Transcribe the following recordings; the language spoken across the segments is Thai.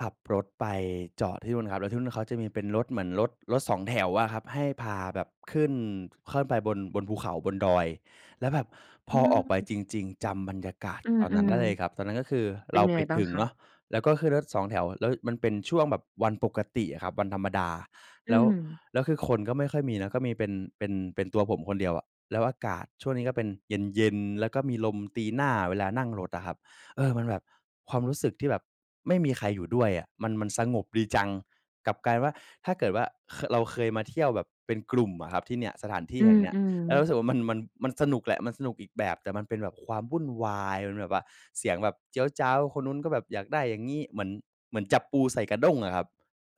ขับรถไปจอดที่นู่นครับ แล้วที่นู่นเขาจะมีเป็นรถ เหมือนรถ รถสองแถวอะครับ ให้พาแบบขึ้น ค่อยไปบน บนภูเขา บนดอย แล้วแบบพอือออกไปม จริง ๆ จำบรรยากาศอืตอนนั้นม ได้เลยครับ ตอนนั้นก็คือๆ เป็เรนายังไไปงบ้าถงึงคะ? เนาะ แล้วก็ขึ้นรถสองแถว แล้วมันเป็นช่วงแบบวันปกติอะครับ วันธรรมดา อืแล้ว ม แล้วคือคนก็ไม่ค่อยมีนะ ก็มีเป็น เป็น เป็นตัวผมคนเดียวอะ แล้วอากาศช่วงนี้ก็เป็นเย็น ๆ แล้วก็มีลมตีหน้าเวลานั่งรถอะครับ เออ มันแบบ ความรู้สึกที่แบบไม่มีใครอยู่ด้วยอะ มัน มันสงบดีจัง กลับกลายเป็นว่า ถ้าเกิดว่า ค เราเคยมาเที่ยวแบบเป็นกลุ่มอะครับที่เนี่ย สถานที่อืแห่งเนี้ย ม แล้วๆ รู้สึกว่ามัน มัน มันสนุกแหละ มันสนุกอีกแบบ แต่มันเป็นแบบความวุ่นวาย มันแบบว่าเสียงแบบเจี๊ยวจ๊าว คนนู้นก็แบบอยากได้อย่างงี้ เหมือน เหมือนจับปูใส่กระด้งอะครับ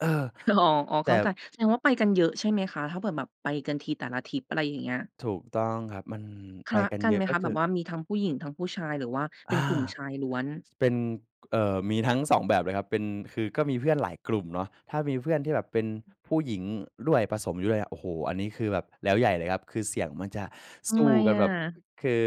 เออ อ๋อ อ๋อ แเตข้่ าใจ แสดงว่าไปกันเยอะใช่ไหมคะ? ถ้าเกิด แบบไปกันทีแต่ละทริป อะไรอย่างเงี้ย ถูกต้องครับ มันคไปละกันกัเนยอไหะ มกค็ะ คแบือ บว่ามีทั้งผู้หญิง ทั้งผู้ชาย หรือว่าเปอ็นา กลุ่มชายล้วน? เป็น ก เอ่อ มีทั้ง 2 แบบเลยครับ เป็น คือก็มีเพื่อนหลายกลุ่มเนาะ ถ้ามีเพื่อนที่แบบเป็นอือ ผู้หญิงด้วย ผสมอยู่ด้วยอะ โอ้โฮ อันนี้คือแบบแล้วใหญ่เลยครับ คือเสียงมันจะทสำไูม้กันอแบะ? บ อ คือ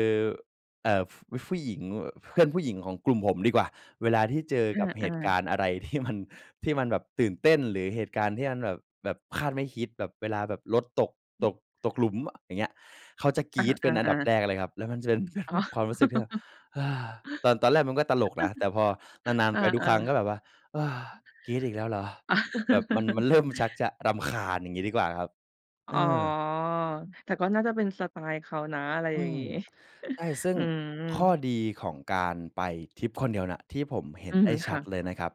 เอ่อ ฟ ผ ผู้หญิงแบบ เพื่อนผู้หญิงของกลุ่มผมดีกว่า เวลาที่เจออกับเหา ตุกๆ ารณ์อะไร ที่มัน ที่มันแบบตื่นเต้น หรือเหตุการณ์ที่มันแบบ แบบคาดไม่คิด แบบเวลาแบบรถตก อืตม ก ตกหลุมอะ อย่างเงี้ย เขาจะกอรี๊ดเป็นอันดา ับๆ ๆ แรกเลยครับ แล้วมันจะเป็น อ๋แบอ บ ความรู้สึกที่แบบ "เฮ้อ" ตอน ตอนแรกมันก็ตลกนะ แต่พอนาน อๆ ไา ปทุกครั้งก็ๆ แบบว่า "เฮ้อ กรี๊ดอีกแล้วเหรอ?" แบบมัน มันเริ่มชักจะรำคาญ อย่างงี้ดีกว่าครับ อ๋อ แต่ก็น่าจะเป็นสไตล์เขานะ อะไรอือย่างม งี้ ใช่ ซึ่งอืม ข้อดีของการไปทริปคนเดียวเนี่ย ที่ผมเห็อืนไดม ้ชคั่ะ ดเลยนะครับ